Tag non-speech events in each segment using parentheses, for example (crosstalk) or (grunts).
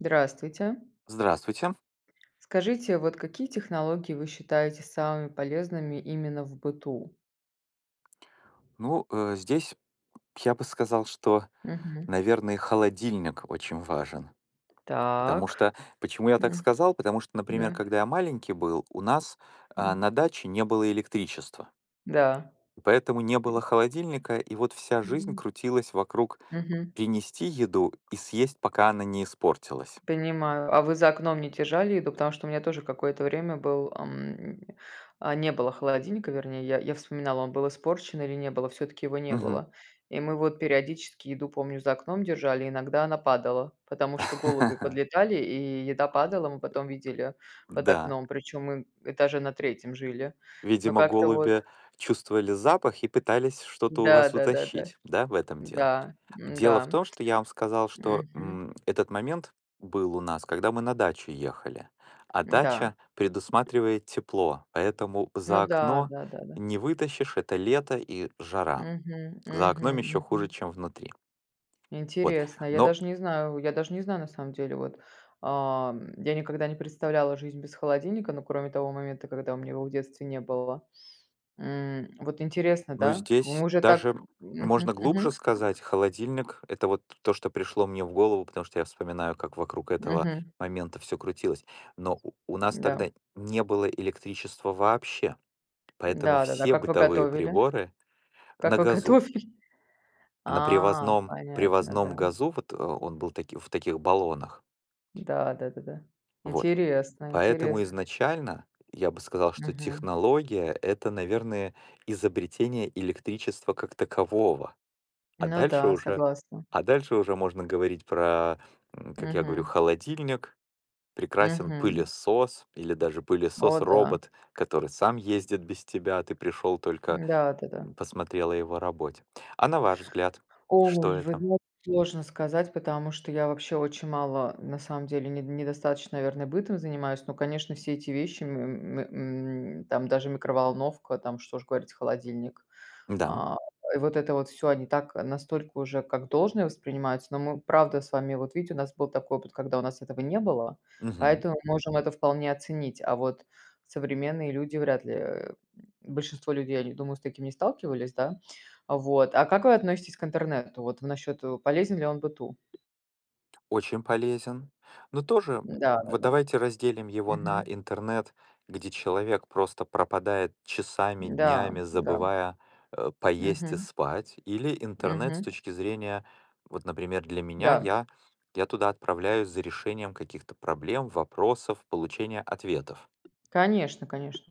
Здравствуйте! Здравствуйте. Скажите, вот какие технологии вы считаете самыми полезными именно в быту? Ну, э, здесь я бы сказал, что, Мгм. наверное, холодильник очень важен. Потому Так, что почему я так м, сказал? Потому что, например, да. когда я маленький был, у нас, а, М. на даче не было электричества. Да. Поэтому не было холодильника. И вот вся жизнь Мгм. крутилась вокруг Мгм. принести еду и съесть, пока она не испортилась. Понимаю. А вы за окном не держали еду? Потому что у меня тоже какое-то время был, эм, а, не было холодильника, вернее я, я вспоминала: он был испорчен или не было, всё-таки его не Мгм. было. И мы вот периодически еду, помню, за окном держали, иногда она падала, потому что голуби (laughs) подлетали и еда падала, мы потом видели под Да. окном, причём мы этаже на 3 жили, но Видимо, как-то вот голуби чувствовали запах и пытались что-то у Да вас да да да. утащить, да, в этом дело? М-да, Дело в м-да, том, что я вам сказал, что, мгм. м, этот момент был у нас, когда мы на дачу ехали. А М-да. дача предусматривает тепло, поэтому Ну за да, окно да да да. не вытащишь- это лето и жара. Мгм За мгм окном ещё хуже, мгм. чем внутри. Вот, Интересно. Я ну даже не знаю я даже не знаю, на самом деле, вот. Ам, я никогда не представляла жизнь без холодильника, ну, кроме того момента, когда у меня его в детстве не было. М, вот интересно, Ну, да? Вы здесь уже так даже Мгм можно глубже мгм. сказать: холодильник- это вот то, что пришло мне в голову, потому что я вспоминаю, как вокруг этого Мгм. момента всё крутилось. Но у у нас Да. тогда не было электричества вообще. Поэтому Да да-да. все Как вы бытовые готовили? приборы на Как вы газу. готовили? На А, привозном понятно, привозном да. газу вот, э, он был таки в таких баллонах. Да да-да-да. Вот. Интересно Поэтому интересно. изначально я бы сказал, что Мгм. технология- это, наверное, изобретение электричества как такового. А Ну дальше да, уже согласна. а дальше уже можно говорить про, м, как я говорю, Мгм. холодильник, прекрасен Мгм. пылесос или даже О да. пылесос-робот, который сам ездит без тебя, ты пришел только, Да да-да. м, посмотрел о его работе. А на ваш взгляд, что Ой, вы это? знаете, сложно сказать, потому что я вообще очень мало, на самом деле, недо недостаточно, наверное, бытом занимаюсь, но, конечно, все эти вещи, м, м, м, там даже микроволновка, там, что уж говорить, холодильник. Да. А. И вот это вот всё, они так, настолько уже как должное воспринимается, но мы, правда, с вами, вот видите, у нас был такой опыт, когда у нас этого не было, Мгм. поэтому мы можем это вполне оценить, а вот современные люди вряд ли, э, большинство людей, они, думаю, с таким не сталкивались, да. Вот, а как вы относитесь к интернету, вот в насчёт, э, полезен ли он быту? Очень полезен. Но тоже, Да-да-да. вот, давайте разделим его на Мгм. интернет, где человек просто пропадает часами, Да днями, да. забывая, э, поесть и Мгм. спать, или интернет с Мгм. точки зрения, вот, например, для меня. Да. Я я туда отправляюсь за решением каких-то проблем, вопросов, получение ответов. Конечно конечно.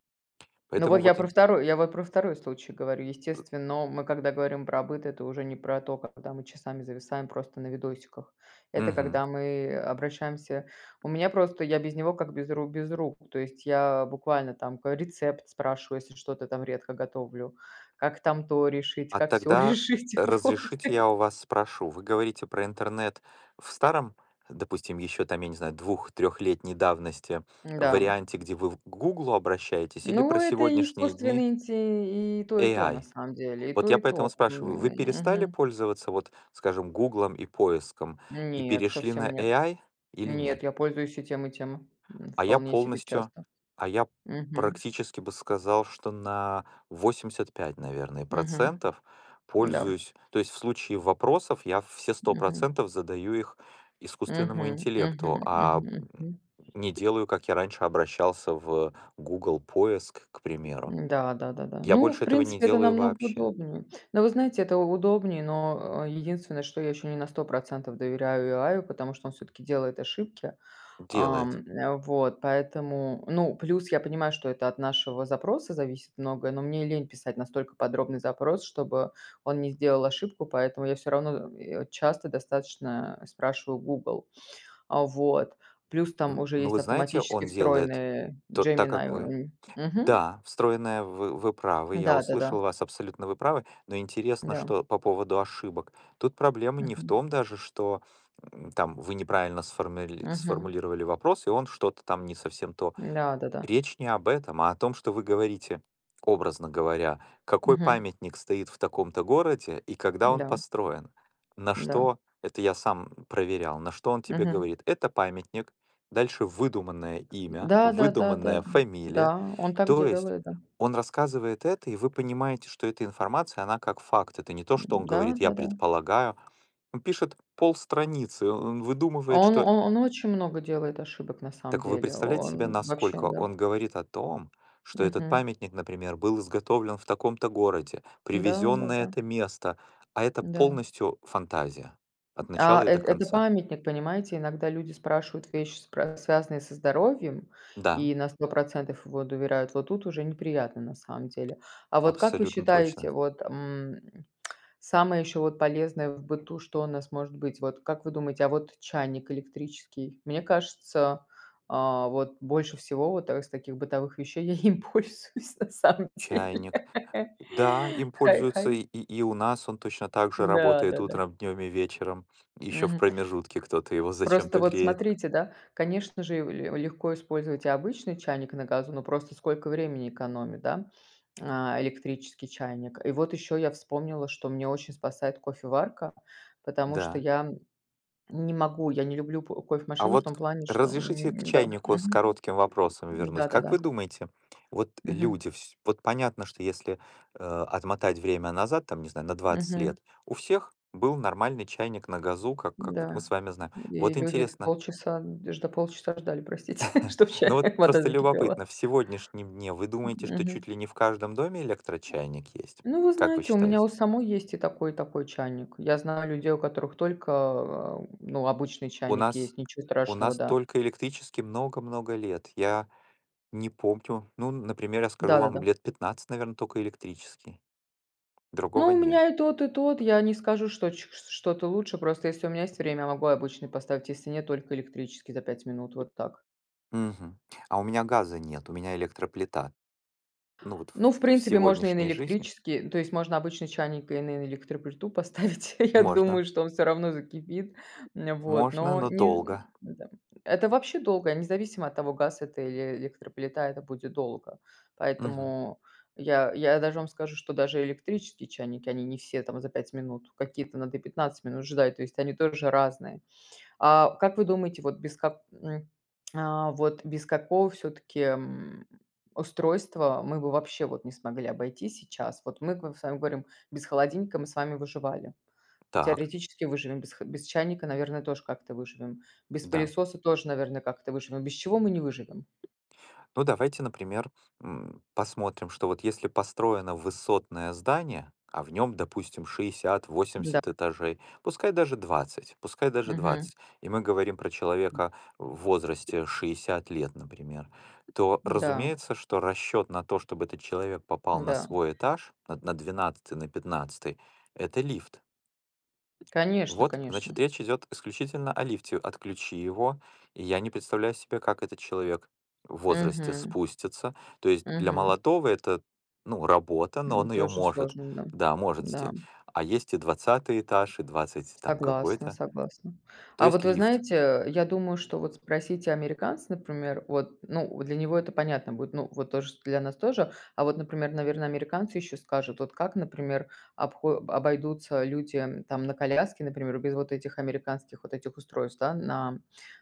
Ну вот Поэтому я вот про ин 2, я вот про 2 случай говорю. Естественно, мы когда говорим про быт, это уже не про то, когда мы часами зависаем просто на видосиках. Это Мгм. когда мы обращаемся у меня просто, я без него как без ру без рук, то есть я буквально там ка рецепт спрашиваю, если что-то там редко готовлю, как там то решить, А как сё тогда решить, вот. разрешите, я у вас спрошу: вы говорите про интернет в старом, допустим, ещё там, я не знаю, двух-трехлетней давности, в Да. варианте, где вы в к "Гуглу" обращаетесь, или Ну, про это и сегодняшние дни искусственный инти и то и то на AI? самом деле, и Вот то я и поэтому то. М, спрашиваю: Вы перестали мгм. пользоваться, вот скажем "Гуглом" и поиском и Нет, перешли на совсем нет. AI или нет? Нет, я пользуюсь и тем и тем, м, А я вполне себе полностью. часто. А я Мгм. практически бы сказал, что на 85, наверное, Мгм. процентов Да. пользуюсь. То есть в случае вопросов я все сто Мгм. процентов задаю их искусственному Мгм мгм интеллекту, а, мгм мгм. (grunts) не делаю, как я раньше обращался в Google-поиск, к примеру. Да, да-да-да. Я Ну, в больше этого не принципе, это делаю намного вообще! удобнее. Но, вы знаете, это у удобнее, но, э, единственное, что я ещё не на 100 % доверяю AI, потому что он всё-таки делает ошибки, Делает. ам, вот поэтому. Ну, плюс я понимаю, что это от нашего запроса зависит многое, но мне лень писать настолько подробный запрос, чтобы он не сделал ошибку, поэтому я всё равно, э, часто достаточно спрашиваю Google. Вот, плюс там Ну, уже есть вы знаете, автоматически он делает встроенная т так, Gemini, как вы м. Мгм. Да, встроенная, в вы правы. Я Да-да-да. услышал вас, абсолютно вы правы. Но интересно, Да. что по поводу ошибок? Тут проблема не в Мгм. том даже, что, э, там вы неправильно ссформили Мгм. сформулировали вопрос, и он что-то там не совсем то. Да да-да. Речь не об этом, а о том, что вы говорите, образно говоря, какой Мгм. памятник стоит в таком-то городе и когда он Да. построен. На Да. что это я сам, м, проверял, на что он тебе Мгм. говорит: "Это памятник". Дальше выдуманное имя, Да да да да выдуманная да. фамилия. Да. Он так То есть делает, да. он рассказывает это, и вы понимаете, что эта информация, она как факт. Это не то, что он Да, говорит: "Я да-да. предполагаю". Он пишет полстраницы, о он выдумывает, Он, что о он очень много делает ошибок на самом Так вы деле. О представляете себе, он вообще, насколько да. он говорит о том, что этот Мгм. памятник, например, был изготовлен в таком-то городе, Да, привезён на да-да. это место, а это Да. полностью фантазия от А начала и до эт это конца. памятник, понимаете, иногда люди спрашивают вещи, спра связанные со здоровьем, Да. и на 100 % ему доверяют, вот тут уже неприятно на самом деле. А вот как вы Абсолютно точно. считаете, вот, м, (tsk) самое ещё вот полезное в быту что у нас может быть? Вот как вы думаете, а вот чайник электрический? Мне кажется, а, вот больше всего вот, а, из таких бытовых вещей я им пользуюсь на самом деле.. Чайник. Да, им пользуются и (unintelligible) и у нас он точно так же Да работает да-да. утром, днем и вечером. Еще в Мгм. промежутке кто-то его Просто зачем-то вот греет. смотрите, да, конечно же, ле легко использовать и обычный чайник на газу, но просто сколько времени экономит, да, а, электрический чайник. И вот ещё я вспомнила, что меня очень спасает кофеварка, потому что Да. я не могу, я не люблю п А кофе-машину в вот том плане, что, разрешите к м Да, чайнику с мгм. коротким вопросом вернуть. Как Да-да-да. вы думаете, вот Мгм. люди вс вот понятно, что если, э, отмотать время назад, там, не знаю, на 20 Мгм. лет, у всех был нормальный чайник на газу, как как вот мы Да. с вами знаем. И Вот люди интересно полчаса жд да, полчаса ждали, простите, (laughs) чтоб к (chuckles) Ну, чаю вот вода просто закипела. любопытно, в сегодняшнем дне вы М, думаете, что мгм. чуть ли не в каждом доме электрочайник есть? Ну, вы Как вы знаете, у меня у считаете? самой есть и такой, и такой чайник. Я знаю людей, у которых только, а, ну, обычный У чайник нас есть, ничего у страшного, нас да. только электрический много много лет. Я не помню. Ну, н например, я скажу вам, Да-да-да. лет 15, наверно, токо электрический. Другого Ну, у нет. меня и тот и тот, я не скажу, что чт что-то лучше, просто если у меня есть время, могу и обычный поставить, если нет, только электрический за 5 минут, вот так. Мгм. А у меня газа нет, у меня электроплита. Ну, вот Ну, в в в принципе, можно и на сегодняшней жизни электрический, то есть можно обычный чайник и на электроплиту поставить, я Можно. думаю, что он всё равно закипит, вот. Можно, Но но не долго. да. Это вообще долго, независимо от того, газ это или электроплита, это будет долго, Мгм. поэтому я, я даже вам скажу, что даже электрические чайники они не все там за 5 минут, какие-то надо и 15 минут ждать, то есть они тоже разные. А как вы думаете, вот без как м, а, (tsk) вот без какого всё-таки, м, устройства мы бы вообще вот не смогли обойтись сейчас? Вот мы к вам, с вами говорим: без холодильника мы с вами выживали, ну, Так. теоретически выживем, без х без чайника, наверное, тоже как-то выживем, без Да. пылесоса тоже, наверное, как-то выживем, без чего мы не выживем? Ну, давайте, например, м, посмотрим, что вот если построено высотное здание, а в нём, допустим, шестьдесят Да. восемьдесят этажей, пускай даже 20,- пускай даже Мгм. 20, и мы говорим про человека в возрасте 60 лет, например. То, Да. разумеется, что расчёт на то, чтобы этот человек попал на Да. свой этаж на на 12 на 15- это лифт! Конечно, Вот, конечно. значит, речь идет исключительно о лифте. Отключи его. Я не представляю себе, как этот человек в возрасте Мгм. спустится! То есть для Мгм. молодого- это, ну, работа, но М, он ее тоже может! сложно, да. Да, может Да. сделать, а есть и 20 этаж и 20 там Согласна какой-то, согласна. то А вот есть вы лифт знаете, э, я думаю, что вот спросите американца, например, вот, ну, для него это понятно будет, ну вот тоже, что для нас тоже. А вот, например, наверно, американцы ещё скажут, вот, как, например, обхо обойдутся люди, м, там, на коляске, например, без, вот, этих американских, вот, этих устройств, да, на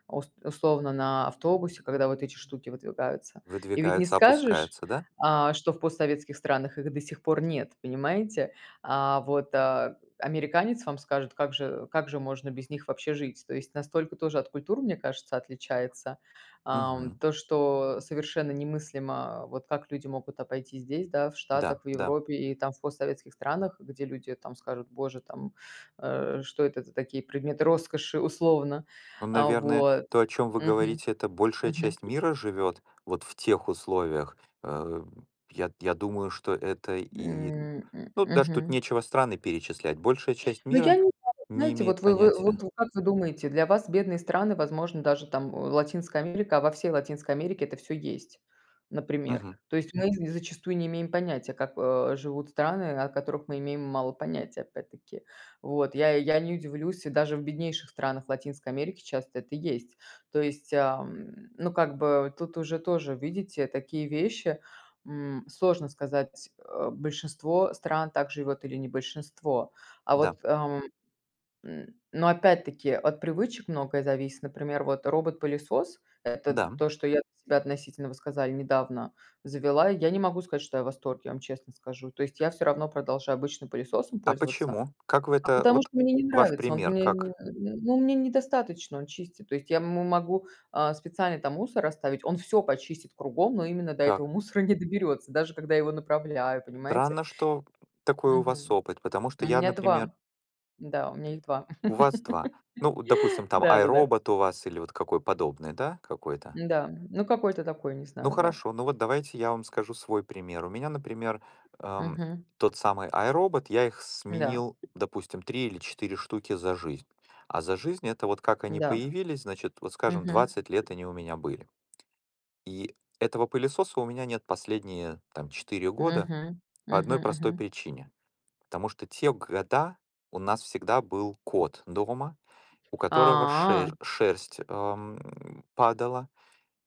ус условно на автобусе, когда вот эти штуки выдвигаются. И ведь не скажешь, Выдвигается-опускается, да? а, что в постсоветских странах их до сих пор нет, понимаете? А вот, а, американец вам скажет: "Как же как же можно без них вообще жить?" То есть настолько тоже от культур, мне кажется, отличается. Ам, Мгм. то, что совершенно немыслимо, вот, как люди могут обойти здесь, да, в Да, Штатах, в да. Европе и, там, в постсоветских странах, где люди, там, скажут: "Боже, там, э, что это за такие предметы роскоши?" Условно, Ну, а наверное, вот. то, о чем вы Мгм. говорите,- это большая Мгм. часть мира живет, вот, в тех условиях. Э, я я думаю, что это и, М, м ну, даже тут мгм. нечего страны перечислять! Большая часть Ну, я мира не знаю, не знаете, вот имеет вы вы вы понятия! вот как вы думаете, для вас бедные страны, возможно, даже, там, э, Латинская Америка, а во всей Латинской Америке это всё есть, например. Мгм. То есть мы з зачастую не имеем понятия, как, э, живут страны, о которых мы имеем мало понятия опять-таки. Вот я я не удивлюсь, даже в беднейших странах Латинской Америки часто это есть, то есть, ам, ну как бы тут уже тоже, видите, такие вещи, м, сложно сказать. Э, большинство стран так живёт или не большинство, а Да. вот, ам, м, но опять-таки от привычек многое зависит, например, вот, робот-пылесос- это Да. то, что я относительно, вы сказали, недавно завела, я не могу сказать, что я в восторге, я вам честно скажу, то есть я всё равно продолжаю обычным пылесосом А пользоваться. почему? Как вы А это потому вот что мне не ваш нравится, он пример мне не как? не ну, мне недостаточно он чистит, то есть я, м, могу, а, специально там мусор оставить, он всё почистит кругом, но именно до Так. этого мусора не доберётся, даже когда его направляю, понимаете. Странно, что такой у вас Мгм. опыт, потому У что я, меня например 2, да, у меня их 2. У вас 2. Ну, допустим, (laughs) там Да-да-да. iRobot у вас или вот какой подобный, да, какой-то. Да, ну, какой-то такой, не Ну, знаю, да. хорошо, ну, вот давайте я вам скажу свой пример. У меня, например, эм, Мгм. тот самый iRobot, я их Да. сменил, допустим, 3 или 4 штуки за жизнь. А за жизнь- это, вот, как они Да. появились, значит, вот, скажем, Мгм. 20 лет они у меня были. И этого пылесоса у меня нет последние, там, 4 года Мгм. по Мгм, 1 простой мгм. причине, потому что те года у нас всегда был кот дома, у которого ше А. шерсть, эм, падала.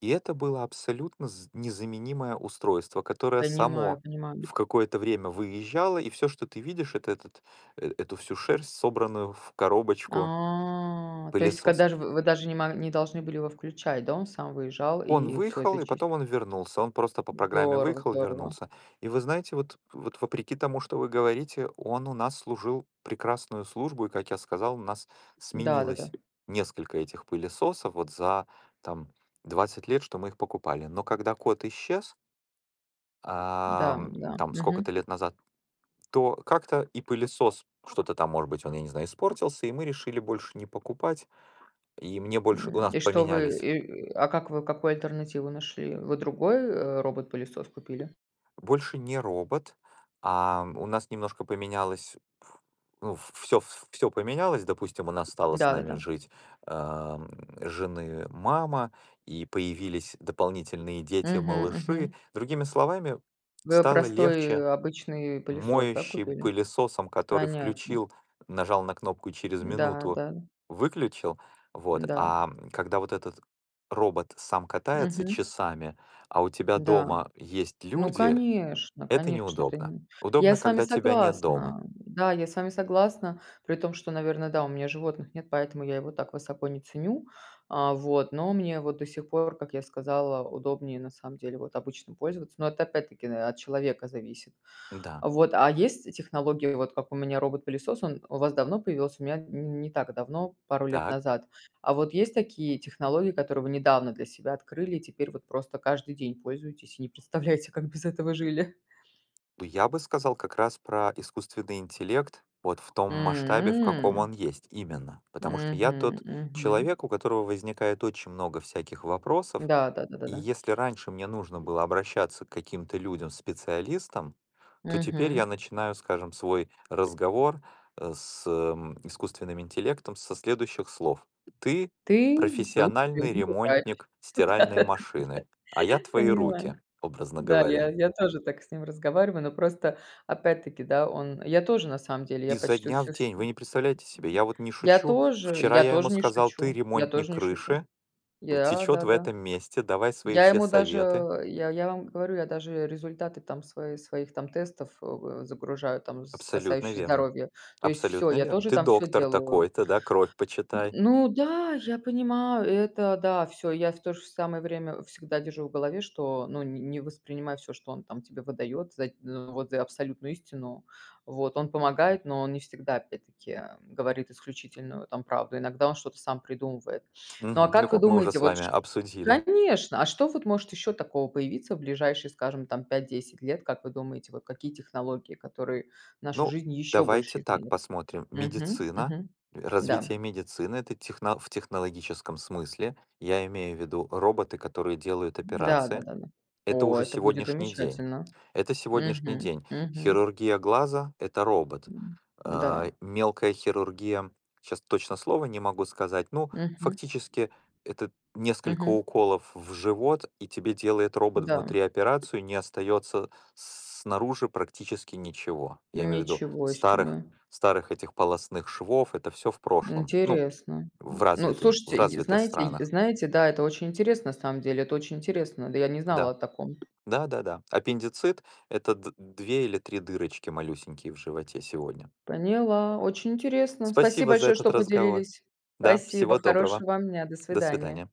И это было абсолютно з незаменимое устройство, которое Понимаю, само понимаю. в какое-то время выезжало, и всё, что ты видишь, это этот эту всю шерсть, собранную в коробочку А, то есть пылесос когда же вы вы даже не мо не должны были его включать, да, он сам выезжал Он и всё выехал, это и чист потом он вернулся. Он просто по программе Здорово выехал, здорово. вернулся. И, вы знаете, вот вот вопреки тому, что вы говорите, он у нас служил прекрасную службу, и, как я сказал, у нас Да, да-да. сменилось несколько этих пылесосов, вот, за там 20 лет, что мы их покупали, но когда кот исчез Да, да, ам, там мгм. сколько-то лет назад, то как-то и пылесос что-то, там, может быть, он, я не знаю, испортился, и мы решили больше не покупать, и мне больше, у М, нас и что вы? поменялись И, а как вы а какую альтернативу нашли? Вы другой, э, робот-пылесос купили? Больше не робот. А, у нас немножко поменялось, ф ну, всё всё поменялось, допустим, у нас стала с нами Да-да-да. жить, эм, жены мама и появились дополнительные Мгм, дети-малыши. мгм. Другими словами, Вы стало простой, э, легче обычный упылесос, да, моющим купили? пылесосом, который Понятно. включил, нажал на кнопку, через Да минуту да. выключил, вот, Да. а когда, вот, этот робот сам катается Мгм. часами, а у тебя Да. дома есть Ну, люди- конечно это конечно, вот неудобно! именно. Я Удобно, с вами когда тебя нет дома! согласна, да, я с вами согласна, при том что, наверно, да, у меня животных нет, поэтому я его так высоко не ценю, а, вот, но мне вот до сих пор, как я сказала, удобнее на самом деле, вот, обычным пользоваться, но это опять-таки, э, от человека зависит. Да. Вот, а есть технологии, вот, как у меня робот-пылесос, он у вас давно появился? У меня не не так давно, пару лет Так. назад, а вот есть такие технологии, которые вы недавно для себя открыли и теперь вот просто каждый день пользуетесь и не представляете, как без этого жили? Ну, я бы сказал, как раз про искусственный интеллект, вот, в том масштабе, в каком М. он есть именно! Потому что я Мгм, тот мгм. человек, у которого возникает очень много всяких вопросов. Да, да да да И да. если раньше мне нужно было обращаться к каким-то людям-специалистам, то теперь я Мгм. начинаю, скажем, свой разговор, э, с, э, искусственным интеллектом со следующих слов: "Ты Ты? Глуп профессиональный (unintelligible) ругаешь. ремонтник Да стиральной да да машины, а да я твои понимаю. руки", образно Да, я говоря. я тоже так с ним разговариваю, но просто опять таки, да, он я тоже на самом деле, я Изо почти дня в всё всё день! Вы не представляете себе! (unintelligible) Я вот не Я шучу! тоже Вчера я я ему тоже не сказал: "Ты- шучу я ремонтник тоже не шучу! крыши, вот, Я течет да, в да. этом месте, давай свои Я все ему даже, советы". э, я я вам говорю, я даже результаты там свои своих там тестов, э, загружаю там, з Абсолютно касающиеся верно. здоровья, то есть всё, Абсолютно я верно. тоже Ты там всё доктор делаю. такой-то, да, кровь М, почитай. ну да, я понимаю, это да, всё я в то же самое время всегда держу в голове, что, ну, не не воспринимай всё, что он, там, тебе выдаёт за вот за абсолютную истину. Вот, он помогает, но он не всегда опять таки говорит исключительную, там, правду иногда он что-то сам придумывает. Ну а Мгм. Ну, как вы как мы уже думаете с вот вами ш обсудили. конечно, а что вот может ещё такого появиться в ближайшие скажем там 5-10 лет как вы думаете вот какие технологии которые нашу Ну, жизнь еще давайте больше так изменят? посмотрим: Мгм, медицина, мгм. Да. развитие медицины- это техно в технологическом смысле, я имею в виду роботы, которые делают Да. операции- Да-да-да, это о, уже это будет сегодняшний день! замечательно! Это сегодняшний Мгм, день! мгм. Хирургия глаза- это робот! М, да. А, мелкая хирургия. Сейчас точно слова не могу сказать, ну, Мгм. фактически, это несколько Мгм. уколов в живот, и тебе делает робот Да. внутри операцию, не остается с снаружи практически ничего. Я имею в виду Ничего старых себе! старых этих полостных швов, это всё в прошлом, ну, Интересно! в Ну, развитым в слушайте, и развитых знаете странах. знаете, да, это очень интересно на самом деле, это очень интересно, да, я не знала Да, о таком. да-да-да, аппендицит- это д две или 3 дырочки малюсенькие в животе сегодня. Поняла, очень интересно, спасибо Спасибо за большое, этот что разговор, поделились. да, Спасибо, всего доброго, хорошего вам дня! До до свидания! свидания.